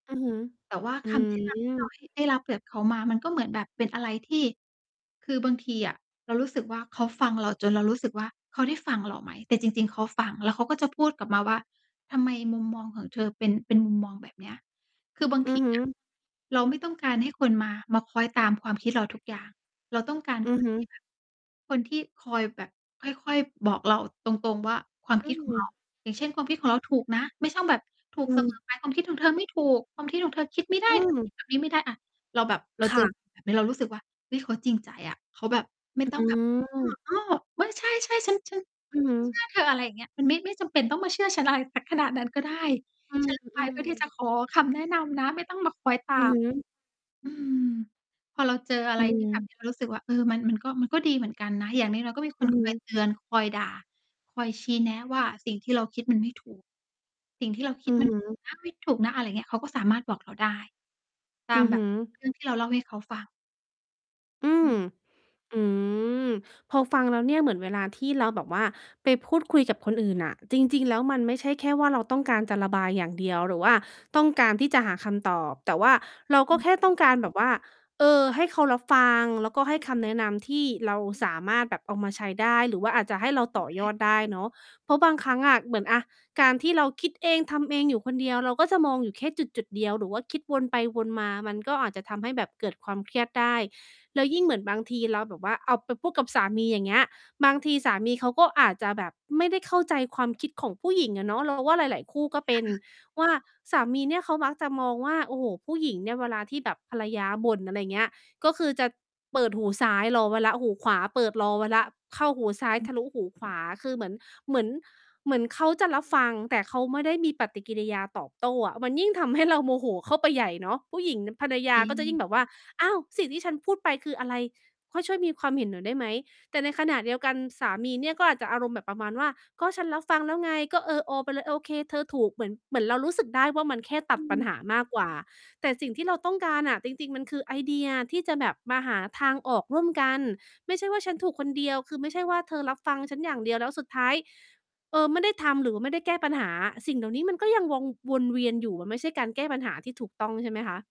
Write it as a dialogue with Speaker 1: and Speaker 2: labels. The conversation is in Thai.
Speaker 1: อือฮึ
Speaker 2: แต่ว่า
Speaker 1: อื
Speaker 2: คำ แนะนำที่เรา
Speaker 1: ม
Speaker 2: ห ได้รับจากเขามามันก็เหมือนแบบเป็นอะไรที่ คือบางทีอะเรารู้สึกว่า เขาฟังเราจนเรารู้สึกว่า เขาได้ฟังเราไหม? แต่จริง ๆ เขาฟัง แล้วเขาก็จะพูดกลับมาว่า "ทำไมมุมมองของเธอเป็น เป็นมุมมองแบบเนี้ย" คือบาง
Speaker 1: อื
Speaker 2: ท
Speaker 1: อ
Speaker 2: ี
Speaker 1: ฮึ
Speaker 2: อะ เราไม่ต้องการให้คนมา มาคอยตามความคิดเราทุกอย่าง เราต้องการ
Speaker 1: อื
Speaker 2: ค
Speaker 1: อ
Speaker 2: น
Speaker 1: ฮึ
Speaker 2: ที่แบบ คนที่คอยแบบค่อย ๆ บอกเราตรง ๆ ว่า ความ
Speaker 1: อ
Speaker 2: ค
Speaker 1: ื
Speaker 2: ิด ของเรา
Speaker 1: ม
Speaker 2: อย่างเช่น ความคิดของเราถูกนะ ไม่ชอบแบบ ถู
Speaker 1: อ
Speaker 2: ก
Speaker 1: ื
Speaker 2: เสม
Speaker 1: ม
Speaker 2: อไป "ความคิดของเธอไม่ถูก ความคิดของเธอคิดไม่ได
Speaker 1: อื
Speaker 2: ้ เธอคิ
Speaker 1: ม
Speaker 2: ด แบบนี้ไม่ได้อะ" เราแบบเรา
Speaker 1: ค
Speaker 2: เ
Speaker 1: ่
Speaker 2: จอแ
Speaker 1: ะ
Speaker 2: บบ นี้เรารู้สึกว่า "เฮ้ย เขาจริงใจอะ" เขาแบบไม่
Speaker 1: อื
Speaker 2: ต้องแบบ "เอ
Speaker 1: ม
Speaker 2: อ อ้อ เฮ้ย ใช่ ๆ ฉัน ฉัน
Speaker 1: อือฮึ
Speaker 2: เชื่อเธอ" อะไรอย่างเงี้ย มันไม่ ไม่จำเป็นต้องมาเชื่อฉัน อะไรสักขนาด นั้นก็ได้
Speaker 1: อื
Speaker 2: ฉ้นไป
Speaker 1: ม
Speaker 2: เพื่อที่
Speaker 1: ๆ
Speaker 2: จะขอคำแนะนำนะ ไม่ต้องมาคล้อยต
Speaker 1: อื
Speaker 2: า
Speaker 1: อ
Speaker 2: ม
Speaker 1: ฮึ
Speaker 2: อืม พอเราเจออะ
Speaker 1: อ
Speaker 2: ไ
Speaker 1: ื
Speaker 2: ร ที่แบบ
Speaker 1: ม
Speaker 2: เรา รู้สึกว่า เออ มันก็ มันก็ดีเหมือนกันนะ อย่างน้อย ๆ ก็มี ค
Speaker 1: อื
Speaker 2: น
Speaker 1: อฮ
Speaker 2: คอย
Speaker 1: ึ
Speaker 2: เตือน คอยด่า คอยชี้แนะว่าสิ่งที่เราคิดมันไม่ถูก สิ่งที่เราค
Speaker 1: อ
Speaker 2: ิ
Speaker 1: ื
Speaker 2: ด
Speaker 1: อ
Speaker 2: มั
Speaker 1: ฮ
Speaker 2: น
Speaker 1: ึ
Speaker 2: นะ ไม่ถูกนะ อะไรอย่างเงี้ย เขาก็สามารถบอกเราได้ ต
Speaker 1: อื
Speaker 2: าม
Speaker 1: อ
Speaker 2: แบ
Speaker 1: ฮึ
Speaker 2: บ เรื่อง ที่เราเล่าให้เขาฟัง
Speaker 1: อื
Speaker 2: อ
Speaker 1: ม อืม พอฟังแล้วเนี่ยเหมือนเวลาที่เราแบบว่าไปพูดคุยกับคนอื่นน่ะ จริง ๆ แล้วมันไม่ใช่แค่ว่าเราต้องการจะระบายอย่างเดียว หรือว่าต้องการที่จะหาคำตอบ แต่ว่าเราก
Speaker 2: อ
Speaker 1: ็
Speaker 2: ืม
Speaker 1: แค่ต
Speaker 2: อ
Speaker 1: ้
Speaker 2: ึ
Speaker 1: องการแบบว่า เอ่อ ให้เขารับฟัง แล้วก็ให้คำแนะนำที่เราสามารถแบบเอามาใช้ได้ หรือว่าอาจจะให้เรา
Speaker 2: คื
Speaker 1: ต
Speaker 2: อ
Speaker 1: ่อ
Speaker 2: แบ
Speaker 1: ยอ
Speaker 2: บ
Speaker 1: ดได้เนาะ เพราะบางครั้งอะ เหมือนอะการที่เราคิดเองทำเองอยู่คนเดียว เราก็จะมองอยู่แค่จุด ๆ เดียว หรือว่าคิดวนไปวนมา มันก็อาจจะทำให้แบบเกิดความเครียดได้ แล้วยิ่งเหมือนบางทีเราแบบว่าเอาไปพูดกับสามี อย่างเงี้ย บางทีสามีเขาก็อาจจะแบบไม่ได้เข้าใจความคิดของผู้หญิงอะเนาะ เราว่า หลาย ๆ คู่
Speaker 2: อื
Speaker 1: ก็
Speaker 2: ม
Speaker 1: เป
Speaker 2: ค
Speaker 1: ็
Speaker 2: ่
Speaker 1: น
Speaker 2: ะ
Speaker 1: ว่าสามีเนี่ยเขามักจะมองว่า โอ้โฮ ผู้หญิงเนี่ยเวลาที่แบบภรรยาบ่น อะไรอย่างเงี้ย ก็คือจะเปิดหูซ้าย รอไว้แล้วหูขวาเปิดรอไว้แล้ว เข้าหูซ้าย
Speaker 2: อื
Speaker 1: ท
Speaker 2: ม
Speaker 1: ะลุหูขวา คือเหมือน เหมือน เหมือนเขาจะรับฟัง แต่เขาไม่ได้มีปฏิกิริยาตอบโต้อะ มันยิ่งทำ ให้ เราโมโหเข้าไปใหญ่เนาะ ผู้หญิง น ภรรย
Speaker 2: จ
Speaker 1: า
Speaker 2: ริ
Speaker 1: ก็จะยิ่ง
Speaker 2: ง
Speaker 1: แบบว่า อ้าว "สิ่งที่ฉันพูดไปคืออะไร ค่อยช่วยมีความเห็นหน่อยได้ไหม?" แต่ในขณะเดียวกันสามีเนี่ย ก็อาจจะอารมณ์แบบประมาณว่า "ก็ฉันรับฟังแล้วไง ก็ เออ ออ ไปเลย โอเค เธอถูก" เหมือน เหมือนเรารู้สึกได้ว่ามันแค่ต
Speaker 2: อ
Speaker 1: ัด
Speaker 2: ื
Speaker 1: ปัญห
Speaker 2: ม
Speaker 1: ามากกว่า แต่สิ่งที่เราต้องการอะจริง ๆ มันคือไอเดียที่จะแบบมาหาทางออกร่วมกัน ไม่ใช่ว่าฉันถูกคนเดียว คือไม่ใช่ว่าเธอรับฟังฉันอย่างเดียว แล้วสุดท้าย เอ่อ ไม่ได้ทำ หรือว่าไม่ได้แก้ปัญหา สิ่งเหล่านี้มันก็ยังวง วนเวียนอยู่ มันไม่ใช่การแก้ปัญหาที่ถูกต้อง ใช่ไหมคะ